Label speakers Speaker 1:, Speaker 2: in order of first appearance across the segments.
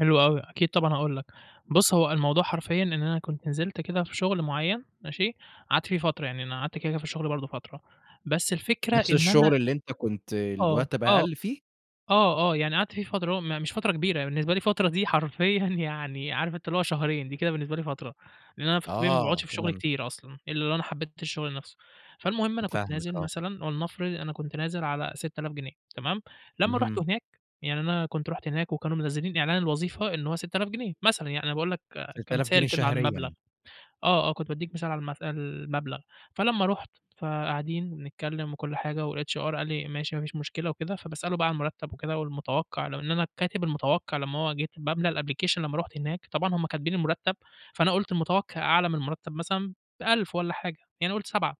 Speaker 1: حلو أوي، أكيد طبعًا هاقول لك. بُص، هو الموضوع حرفيًا إن أنا كنت نزلت كده في شغل معيّن ماشي، قعدت فيه فترة يعني أنا قعدت كده كده في الشغل برضه فترة. بس الفكرة
Speaker 2: نفس
Speaker 1: إن أنا
Speaker 2: الشغل اللي أنت كنت
Speaker 1: آه،
Speaker 2: المرتّب
Speaker 1: آه،
Speaker 2: أقل فيه؟
Speaker 1: آه، آه، يعني قعدت فيه فترة هو ما مش فترة كبيرة. هي بالنسبة لي فترة دي حرفيًا يعني عارف أنت اللي هو شهرين، دي كده بالنسبة لي فترة. لإن أنا في الطبيعي ما باقعدش
Speaker 2: آه،
Speaker 1: في شغل
Speaker 2: تمام.
Speaker 1: كتير أصلًا، إلّا لو أنا حبيت الشغل نفسه. فالمهم أنا كنت
Speaker 2: فاهمك
Speaker 1: نازل
Speaker 2: آه.
Speaker 1: مثلًا ولنفرض أنا كنت نازل على 6000 جنيه تمام؟ لمّا رُحت
Speaker 2: اهم.
Speaker 1: هناك، يعني أنا كنت رُحت هناك وكانوا منزلين إعلان الوظيفة إن هو 6000 جنيه، مثلًا يعني أنا باقول لك
Speaker 2: 6000 جنيه
Speaker 1: كمثال كده على المبلغ.
Speaker 2: شهريًا؟
Speaker 1: آه، آه كنت بادّيك مثال على المث المبلغ. فلمّا رُحت، فقاعدين وبنتكلم وكل حاجة والHR قال لي: "ماشي، ما فيش مشكلة وكده." فباسأله بقى على المرتّب وكده والمتوقع ولو إن أنا كاتب المتوقع لمّا هو جيت باملا الapplication لمّا رُحت هناك. طبعًا هُم كاتبين المرتّب، فأنا قُلت المتوقع أعلى من المرتب مثلًا ب1000 والّا حاجة يعني قُلت 7.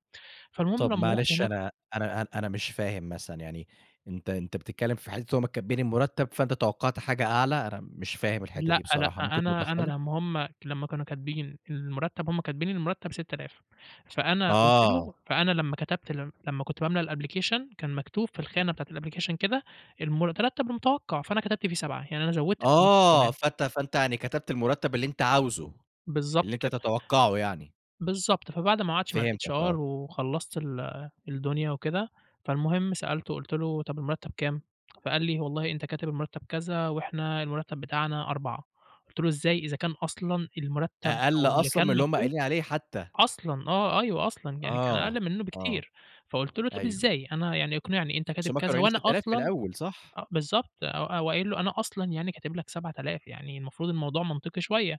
Speaker 1: فالمهم
Speaker 2: طب،
Speaker 1: لمّا رُحت
Speaker 2: معلش
Speaker 1: هناك
Speaker 2: أنا أنا، أنا أنا مش فاهم مثلًا يعني أنت أنت بتتكلم في حتة إن هُم كاتبين المرتّب، فأنت توقعت حاجة أعلى؟ أنا مش فاهم الحتة دي
Speaker 1: لأ، لأ
Speaker 2: بصراحة ممكن
Speaker 1: أنا أنا
Speaker 2: توضحها لي؟
Speaker 1: لمّا هُم لمّا كانوا كاتبين إن المرتّب هُم كاتبين إن المرتب 6000. فأنا قُلت
Speaker 2: آه.
Speaker 1: له فأنا لمّا كتبت ال لمّا كنت باملا الapplication كان مكتوب في
Speaker 2: [unintelligible]
Speaker 1: الخانة بتاعة الapplication كده، المرتب المتوقع، فأنا كتبت فيه 7 يعني أنا زوّدت فلوس
Speaker 2: آه،
Speaker 1: كمان.
Speaker 2: فأنت فأنت يعني كتبت المرتّب اللي أنت عاوزه، اللي
Speaker 1: بالضبط
Speaker 2: أنت
Speaker 1: كده.
Speaker 2: تتوقعه يعني.
Speaker 1: بالضبط، فبعد ما قعدت مع
Speaker 2: فهمتك
Speaker 1: الHR
Speaker 2: آه.
Speaker 1: وخلّصت ال الدنيا وكده، فالمهم سألته، قُلت له: "طب، المرتّب كام؟" فقال لي: "والله أنت كاتب المرتّب كذا، وإحنا المرتّب بتاعنا 4" قُلت له: "إزاي؟ إذا كان أصلًا المرتّب
Speaker 2: أقل
Speaker 1: أو اللي
Speaker 2: أصلًا
Speaker 1: كان
Speaker 2: من اللي هُم
Speaker 1: مكتوب
Speaker 2: قايلين عليه حتى.
Speaker 1: أصلًا آه، أيوه أصلًا، يعني كان
Speaker 2: آه،
Speaker 1: أقل منّه
Speaker 2: آه.
Speaker 1: بكتير." فقُلت له: "طب،
Speaker 2: أيوه.
Speaker 1: إزاي؟ أنا يعني اقنعني. أنت
Speaker 2: بس
Speaker 1: كاتب
Speaker 2: هُم كانوا
Speaker 1: كذا
Speaker 2: قايلين
Speaker 1: وأنا
Speaker 2: 6000 في
Speaker 1: أصلًا"
Speaker 2: الأول صح؟
Speaker 1: أ بالضبط، أو أو قايل له أنا أصلًا يعني كاتب لك 7000 يعني المفروض الموضوع منطقي شوية.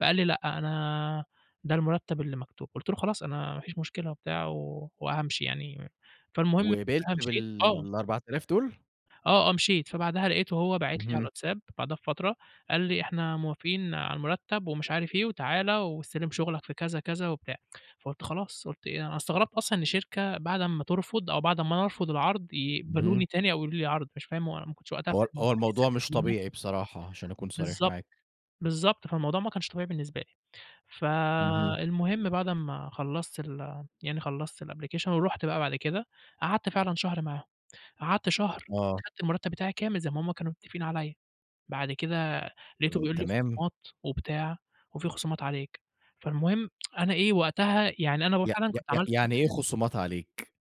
Speaker 1: فقال لي: "لأ، أنا ده المرتّب اللي مكتوب." قُلت له: "خلاص، أنا ما فيش مشكلة وبتاع و وهامشي يعني." فالمهم
Speaker 2: وقبلت
Speaker 1: فبقى مشيت آه.
Speaker 2: بال4000 دول؟
Speaker 1: آه، آه مشيت. فبعدها لقيته هو باعت لي على
Speaker 2: اهم.
Speaker 1: الواتساب، بعدها بفترة. قال لي: "إحنا موافقين على المرتّب ومش عارف إيه وتعالَ واستلم شغلك في كذا كذا وبتاع." فقُلت خلاص قُلت إيه أنا استغربت أصلًا إن شركة بعد أمّا ترفض أو بعد أمّا أنا ارفض العرض، يقبلوني
Speaker 2: اهم.
Speaker 1: تاني أو يقول لي عرض مش فاهم هو ما كنتش وقتها
Speaker 2: هو ال
Speaker 1: فاهم
Speaker 2: هو الموضوع مش
Speaker 1: [unintelligible]
Speaker 2: طبيعي بصراحة عشان اكون صريح
Speaker 1: بالضبط.
Speaker 2: معاك.
Speaker 1: بالضبط، فالموضوع ما كانش طبيعي بالنسبة لي.
Speaker 2: اهم.
Speaker 1: فالمهم بعد أمّا خلّصت ال يعني خلّصت الapplication ورُحت بقى بعد كده، قعدت فعلًا شهر معاهم. قعدت شهر
Speaker 2: آه.
Speaker 1: كنت خدت المرتّب بتاعي كامل زي ما هُم كانوا متفقين عليّا، بعد كده لقيته
Speaker 2: إمم،
Speaker 1: بيقول لي
Speaker 2: تمام.
Speaker 1: خصومات وبتاع، وفي خصومات عليك. فالمهم أنا إيه، وقتها يعني أنا هو
Speaker 2: ي ي
Speaker 1: فعلًا كنت
Speaker 2: ي
Speaker 1: عملت كام
Speaker 2: يعني إيه
Speaker 1: حاجة
Speaker 2: خصومات عليك؟